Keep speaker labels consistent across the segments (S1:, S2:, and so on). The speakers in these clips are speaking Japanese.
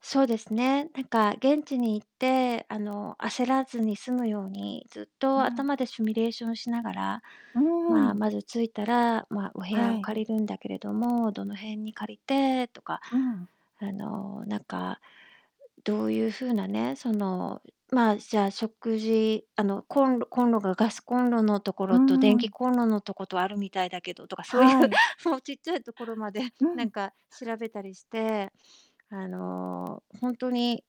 S1: そうですね、なんか、現地に行って、あの、焦らずに済むように、ずっ
S2: う
S1: と
S2: ーん。
S1: 頭でシミュレーションしながら、
S2: うー
S1: ま
S2: ん。
S1: まず着いたら、ま、お部
S2: は
S1: 屋を
S2: い。
S1: 借りるんだけれども、どの辺に借りてとか、
S2: うーん。
S1: あの、なんかどういう風なね、その、ま、じゃあ、食事あの、コンコンロが、ガスコンロのとこ
S2: うー
S1: ろと電気
S2: ん。
S1: コンロのとことあるみたいだけどとか、そういう、
S2: はい。
S1: もうちっちゃいところまで、
S2: うー
S1: なん
S2: ん。
S1: か、調べたりして、あの、ほんとに、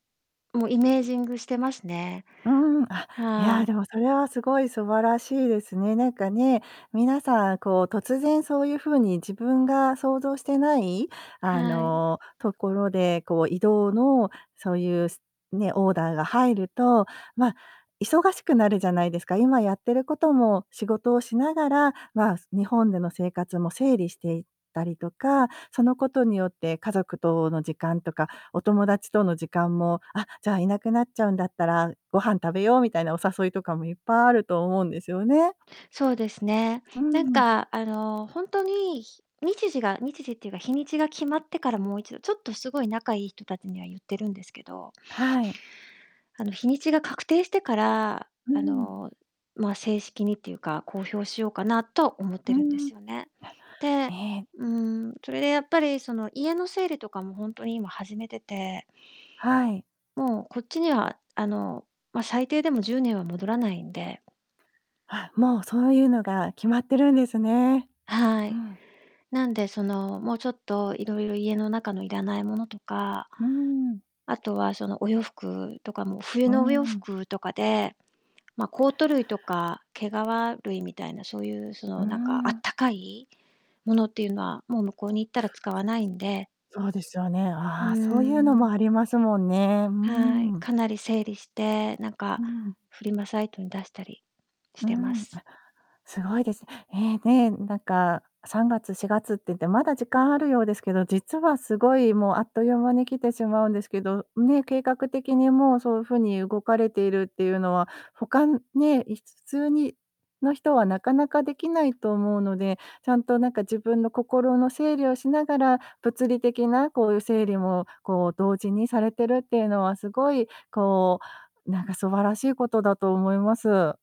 S1: もう、イメージングしてますね。
S2: うーん、あ、いや、
S1: は
S2: で
S1: い。
S2: も、それは、すごい素晴らしいですね。なんか、ね、皆さん、こう、突然そういう風に自分が想像してないあ
S1: はい。
S2: の、ところで、こう、移動の、そういうね、オーダーが入ると、ま、忙しくなるじゃないですか、今やってることも、仕事をしながら、ま、日本での生活も整理していったりとか、そのことによって家族との時間とか、お友達との時間も、あ、じゃあ、いなくなっちゃうんだったらご飯食べようみたいな、お誘いとかもいっぱいあると思うんですよね。
S1: そうですね。
S2: う
S1: なん
S2: んうん。
S1: か、あの、ほんとに、ひ日時が日時っていうか、日にちが決まってから、もう一度、ちょっと、すごい仲いい人たちには言ってるんですけど
S2: はい。
S1: あの、日にちが確定してから、
S2: うん
S1: あ
S2: うんうん。
S1: の、ま、正式にっていうか、公表しようかなと思っ
S2: う
S1: て
S2: ー
S1: るんで
S2: ん。
S1: すよね。
S2: あ、え
S1: で、
S2: え。
S1: うーん、それでやっぱり、その、家の整理とかも、ほんとに、今、始めてて
S2: はい。
S1: もう、こっちには、あの、ま、最低でも10年は戻らないんで
S2: あ、もう、そういうのが決まってるんですね。
S1: は
S2: う
S1: い。
S2: ん。
S1: なんで、その、もう、ちょっと、色々、家の中のいらないものとか
S2: うーん。
S1: あとは、その、お洋服とかも、冬
S2: うー
S1: のお洋
S2: ん、うん。
S1: 服とかで、ま、コート類とか、毛皮類みたいな、そういう、そ
S2: うん
S1: の、
S2: う
S1: なんか、あ
S2: ん
S1: っ
S2: うん。
S1: たかいものっていうのは、もう、向こうに行ったら使わないんで
S2: そうですよね、
S1: うー
S2: ああ、そういうのもあ
S1: ん。
S2: りますもんね、う
S1: はい、
S2: ーん。
S1: かなり整理して、なんか、
S2: うーん。
S1: フリマサイトに出したりし
S2: うー
S1: てま
S2: ん。
S1: す。
S2: すごいです。え、ね、なんか、3月、4月っていって、まだ時間あるようですけど、実はすごい、もう、あっという間に来てしまうんですけど、ね、計画的に、もう、そういう風に動かれているっていうのは、他ね、い普通にの人はなかなかできないと思うので、ちゃんと、なんか、自分の心の整理をしながら、物理的な、こういう整理も、こう、同時にされてるっていうのは、すごい、こう、なんか、素晴らしいことだと思います。